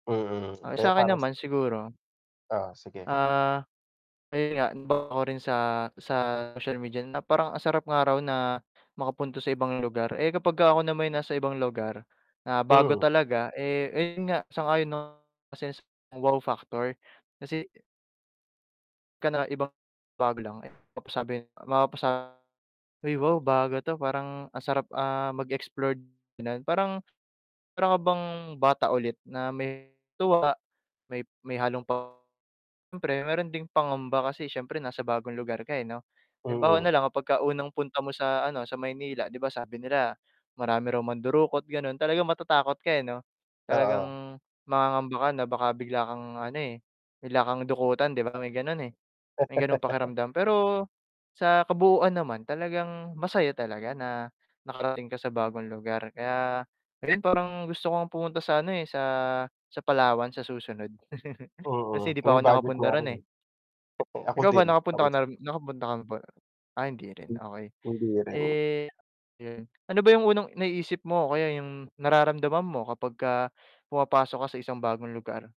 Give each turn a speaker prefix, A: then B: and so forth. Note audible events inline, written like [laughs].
A: Mm,
B: Ah,
A: kaya
B: sakin
A: parang
B: naman siguro
A: Oo, sige.
B: ah, ayun nga [unintelligible] ko rin sa, sa social media na parang ang sarap nga raw na makapunta sa ibang lugar. Eh, kapag ka ako na may nasa ibang lugar na, bago
A: Hmm.
B: talaga, eh ayun nga sang-ayon na isa yan sa wow factor kasi ka na iba, bago lang. Eh mapasabi, mapapasa ay wow, bago 'to, parang ang sarap, ah, mag-explore, gano'n Parang, para ka bang bata ulit, na may tuwa, may may halong pa siyempre meron ding pangamba kasi siyempre nasa bagong lugar ka 'no. Halimbawa
A: Mm.
B: nalang kapag ka unang punta mo sa ano, sa Maynila. 'Di ba sabi nila marami raw mandurukot gano'n, talagang matatakot ka eh 'no,
A: Oo.
B: talagang mangangamba ka na baka bigla kang ano, eh, bigla kang dukutan 'di ba? May ganocn eh, may gano'ng
A: [laughs]
B: pakiramdam. Pero, sa kabuuan naman talagang masaya talaga na nakarating ka sa bagong lugar, kaya ngayon parang gusto kong pumunta sa ano eh, sa sa Palawan sa susunod. [chuckles] Kasi
A: Mm,
B: 'di
A: kung
B: pa ako
A: may budget
B: nakapunta
A: nga
B: ro'n
A: rin,
B: eh.
A: eh. [chuckles] Ako
B: Ikaw ba
A: din.
B: nakapunta ka nam nakapunta ka ba ah, hindi rin, okey.
A: Hindi rin.
B: Eh 'yun, ano ba 'yung unang naiisip mo kaya 'yung nararamdaman mo kapag ka pumapasok ka sa isang bagong lugar?